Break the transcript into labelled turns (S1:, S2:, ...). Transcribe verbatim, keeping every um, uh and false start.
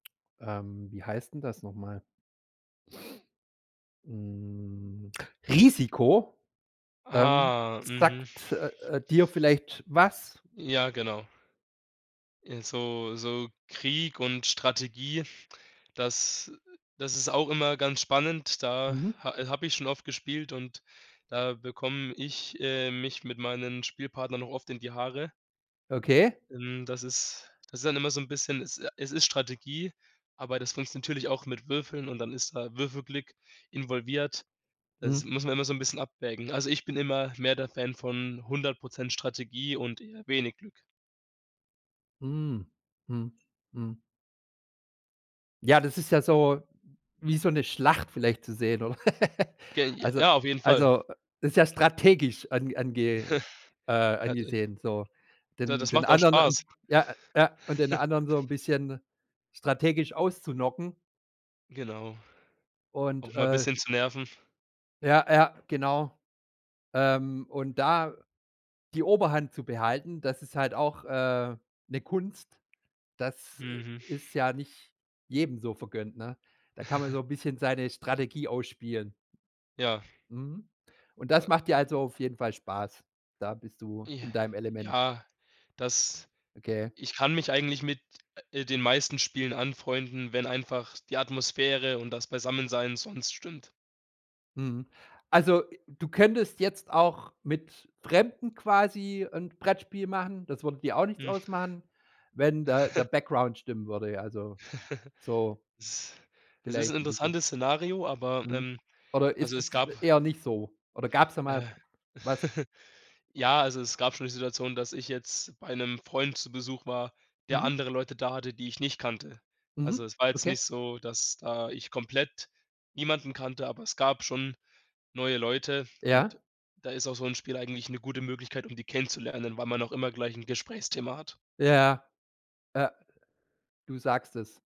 S1: Ähm, wie heißt 'n das noch mal? Hm, „Risiko“! Ähm,
S2: Ah, mhm.
S1: sagt, äh, äh, dir vielleicht was?
S2: Ja, genau. Äh, so so Krieg und Strategie, das das ist auch immer ganz spannend. Da
S1: Mhm.
S2: ha habe ich schon oft gespielt und da bekomme ich, äh, mich mit meinen Spielpartnern auch oft in die Haare.
S1: Okay.
S2: Hm, das ist das ist dann immer so 'n bisschen es äh, es ist Strategie, aber das funktioniert natürlich auch mit Würfeln und dann ist da Würfelglück involviert. Das
S1: Mhm.
S2: muss man immer so 'n bisschen abwägen. Also, ich bin immer mehr der Fan von hundert Prozent Strategie und eher wenig Glück.
S1: Mm, mhm, mhm. Ja, das ist ja so wie so 'ne Schlacht vielleicht zu sehen, oder?
S2: Ge
S1: Also
S2: ja, auf jeden Fall.
S1: also, äh, das ist ja strategisch an ange äh,
S2: Ja, ha de
S1: angesehen, so.
S2: da
S1: Den
S2: das
S1: den
S2: macht auch
S1: anderen
S2: Spaß.
S1: Ja, ja. Und den anderen so 'n bisschen strategisch auszuknocken.
S2: Genau,
S1: Und,
S2: auch mal
S1: äh
S2: bisschen zu nerven.
S1: Ja, ja, genau. Ähm, und da die Oberhand zu behalten, das ist halt auch, äh, 'ne Kunst. Das, äh,
S2: Mhm.
S1: ist ja nicht jedem so vergönnt, ne? Da kann man so 'n bisschen seine Strategie ausspielen.
S2: Ja.
S1: Mhm. Und
S2: A
S1: das macht dir also auf jeden Fall Spaß? Da bist du
S2: J
S1: in deinem Element.
S2: ja, das
S1: Okay.
S2: Ich kann mich eigentlich mit, äh, den meisten Spielen anfreunden, wenn einfach die Atmosphäre und das Beisammensein sonst stimmt.
S1: Mhm. Also, äh, du könntest jetzt auch mit Fremden quasi 'n Brettspiel machen- das würde dir auch nichts
S2: Hm.
S1: ausmachen- wenn da der Background stimmen würde, ja, also, so
S2: Is es ist 'n
S1: vielleicht 'n bisschen.
S2: interessantes Szenario, aber
S1: Mhm.
S2: ähm,
S1: Oder
S2: also,
S1: ist
S2: es
S1: es
S2: gab
S1: eher nicht so? Oder gab's da mal
S2: Äh.
S1: was?
S2: Ja, also, es gab schon die Situation, dass ich jetzt bei 'nem Freund zu Besuch war, der
S1: Mhm.
S2: andere Leute da hatte, die ich nicht kannte. Also,
S1: Mhm,
S2: es war jetzt nicht
S1: okay.
S2: so, dass da ich komplett niemanden kannte, aber es gab schon neue Leute
S1: Ja?
S2: und da ist auch so 'n Spiel eigentlich 'ne gute Möglichkeit, um die kennenzulernen, weil man auch immer gleich 'n Gesprächsthema hat.
S1: Ja, ja. Ja. Du sagst es.